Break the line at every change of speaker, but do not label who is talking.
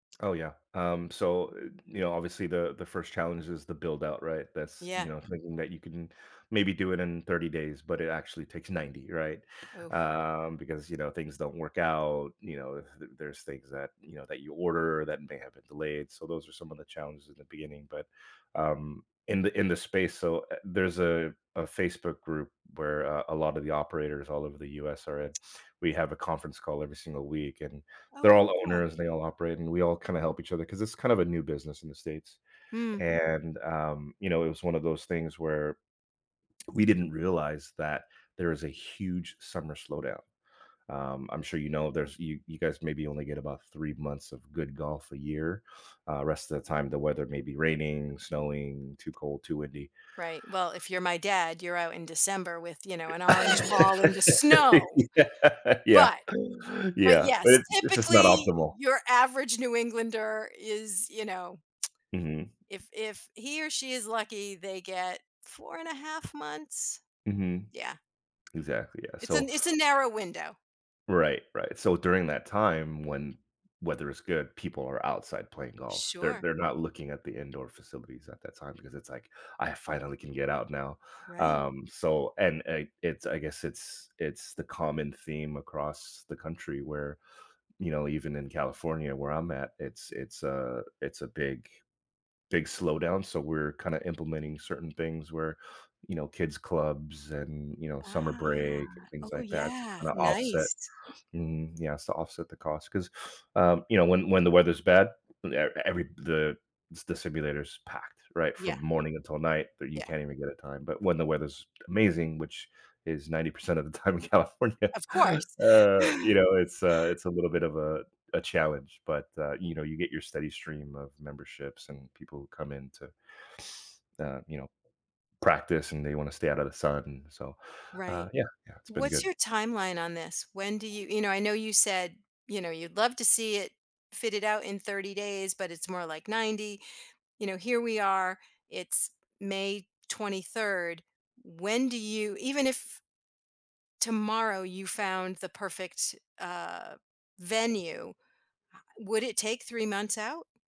Oh yeah. Um, so, uh, you know, obviously, the, the 1st challenge is the buildout, right? That's you
Yeah.
know, thinking that you can maybe do it in 30 days, but it actually takes 90, right?
Oof.
Um, because, you know, things don't work out, you know, th there's things that, you know, that you order that may have been delayed, so, those are some of the challenges in the beginning, but um, in the in the space so, eh, there's a a Facebook group where, uh, a lot of the operators all over the US are in, we have a conference call every single week, and
Oh,
they're
how
all
cool.
owners and they all operate, and we all kinda help each other 'cause it's kind of a new business in the states.
Mm.
And, um, you know, it was 1 of those things where we didn't realize that there is a huge summer slowdown. Um, I'm sure you know, there's you you guys maybe only get about 3 months of good golf a year. Uh, rest of the time, the weather may be raining, snowing, too cold, too windy.
Right. Well, if you're my dad, you're out in December with, you know, an orange ball in the snow.
Yeah. Yeah.
But but
Yeah. But
yes,
it's it's just not
typically,
optimal.
your average New Englander is, you know
Mhm.
If, if he or she is lucky, they get 4 and a 1/2 months.
Mhm.
Yeah.
Exactly, yeah,
It's a
so
it's a narrow window.
Right, right. So, during that time when weather is good, people are outside playing golf. They're
Sure.
they're not looking at the indoor facilities at that time because it's, like, I finally can get out now.
Right.
Um, so and i it's, I guess it's it's the common theme across the country where, you know, even in California, where I'm at, it's it's a it's a big, big slowdown. So, we're kinda implementing certain things where, you know, kids' clubs and, you know, summer
Ah,
break and things
oh
like that to
yeah,
kinda offset
nice.
mm, yes, to offset the cost 'cause um, you know, when when the weather's bad, e every the, the s simulators packed, right, from
Yeah.
morning until night that you
Yeah.
can't even get a time, but when the weather's amazing, which is 90% of the time in California,
Of course.
uh, you know, it's, uh, it's a little bit of a a challenge, but, uh, you know, you get your steady stream of memberships and people come in to, uh, you know, practice and they wanna stay outta the sun so, uh,
Right.
yeah, yeah, it's been
What's
good.
your timeline on this? When do you you know, I know you said, you know, you'd love to see it fitted out in 30 days, but it's more like 90. You know, here we are, it's May 23rd. When do you even if tomorrow you found the perfect, uh, venue. Would it take 3 months out?